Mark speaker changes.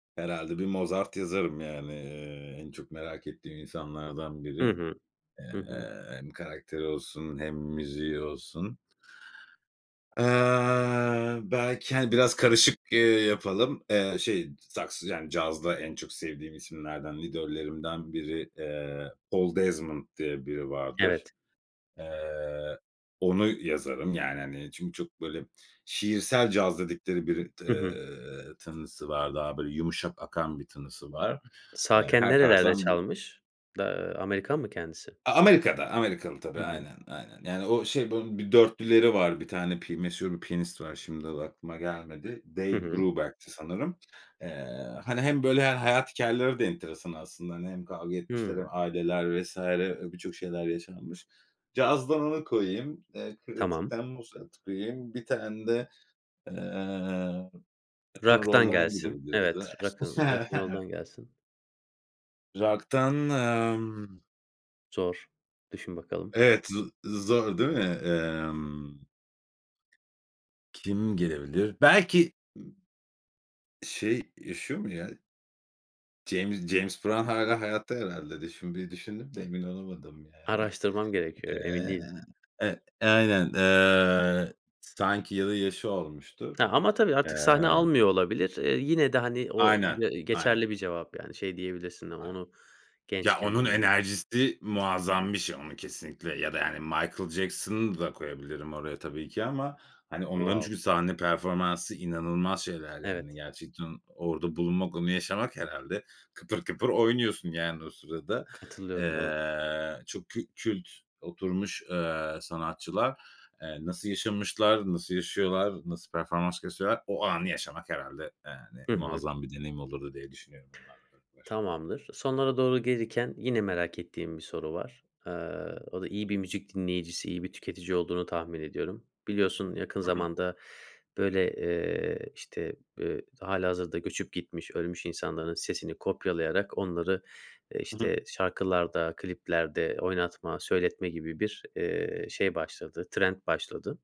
Speaker 1: Herhâlde bir Mozart yazarım yani. Eee, en çok merak ettiğim insanlardan
Speaker 2: Hı
Speaker 1: biri.
Speaker 2: hı.
Speaker 1: Eee,
Speaker 2: Hı hı.
Speaker 1: hem karakteri olsun hem müziği olsun. Eee, belki, hani, biraz karışık, eee, yapalım. Eee, şey, saks yani, cazda en çok sevdiğim isimlerden, idollerimden biri, eee, Oldezment diye biri vardır.
Speaker 2: Evet.
Speaker 1: Eee, onu yazarım, yani, hani, çünkü çok böyle şiirsel caz dedikleri biri t
Speaker 2: Hı hı.
Speaker 1: eee, tınısı var. Daha böyle yumuşak akan bir tınısı var. Eee,
Speaker 2: Sağken
Speaker 1: her
Speaker 2: nerelerde
Speaker 1: tarzdan bir
Speaker 2: çalmış? Da ııı, Amerikan mı kendisi?
Speaker 1: A Amerika'da. Amerikalı, tabii.
Speaker 2: Hı hı.
Speaker 1: Aynen. Aynen. Yani, o şey, bunun bir dörtlüleri var. 1 tane pi meşhur piyanist var. Şimdi, adı aklıma gelmedi.
Speaker 2: Hı
Speaker 1: Dave
Speaker 2: hı.
Speaker 1: Brubeck'ti sanırım. Eee, hani, hem böyle he hayat hikâyeleri de enteresan aslında. Hani, hem kavga etmişler
Speaker 2: Hıı.
Speaker 1: hem aileler vs. Eee, birçok şeyler yaşanmış. Cazdan onu koyayım. Eee,
Speaker 2: Tamam.
Speaker 1: klasikten Mozart'ı koyayım. 1 tane de, eee, Rock'n
Speaker 2: Rock'tan
Speaker 1: Roll'dan
Speaker 2: gelsin.
Speaker 1: gidebiliriz.
Speaker 2: Evet
Speaker 1: [unintelligible]
Speaker 2: Rock'n Rock'n Roll'dan gelsin.
Speaker 1: Rock'tan, emm
Speaker 2: Zor. Düşün bakalım.
Speaker 1: Evet, z zor, değil mi? Emm Kim gelebilir? Belki, ı şey, yaşıyor mu, ya? James James Brown hâlâ hayatta herhâlde de şimdi bir düşündüm de emin olamadım, yani.
Speaker 2: Araştırmam gerekiyor. Emin
Speaker 1: Eee
Speaker 2: değilim.
Speaker 1: Evet. Aynen. Eee, sanki ya da yaşı olmuştur.
Speaker 2: Ama, tabii, artık sahne
Speaker 1: Eee
Speaker 2: almıyor olabilir. Eee, yine de, hani, o
Speaker 1: Aynen.
Speaker 2: d
Speaker 1: Aynen.
Speaker 2: geçerli bir cevap, yani, şey diyebilirsin:
Speaker 1: [unintelligible]
Speaker 2: "Onu
Speaker 1: Ya,
Speaker 2: gençken
Speaker 1: onun
Speaker 2: dinlemek."
Speaker 1: enerjisi muazzam bir şey, onu kesinlikle ya da, yani, Michael Jackson'ı da koyabilirim oraya tabii ki ama, hani, onların
Speaker 2: Wow.
Speaker 1: çünkü sahne performansı inanılmaz şeyler, yani,
Speaker 2: Evet.
Speaker 1: gerçekten orada bulunmak, onu yaşamak, herhâlde kıpır kıpır oynuyorsun, yani, o sırada.
Speaker 2: Katılıyorum, doğru.
Speaker 1: Eee, çok kü kült oturmuş, eee, sanatçılar. Eee, nasıl yaşamışlar? Nasıl yaşıyorlar? Nasıl performans gösteriyorlar? O anı yaşamak, herhâlde, yani,
Speaker 2: Hı hı.
Speaker 1: muazzam bir deneyim olurdu diye düşünüyorum onlarla beraber.
Speaker 2: Tamamdır. Sonlara doğru gelirken yine merak ettiğim bir soru var. Eee, o da iyi bir müzik dinleyicisi, iyi bir tüketici olduğunu tahmin ediyorum. Biliyorsun, yakın
Speaker 1: Hı hı.
Speaker 2: zamanda böyle, eee, işte, eee, hâlihazırda göçüp gitmiş, ölmüş insanların sesini kopyalayarak onları, eee,
Speaker 1: I hı.
Speaker 2: işte, şarkılarda, kliplerde oynatma, söyletme gibi bir, eee, şey başladı, trend başladı.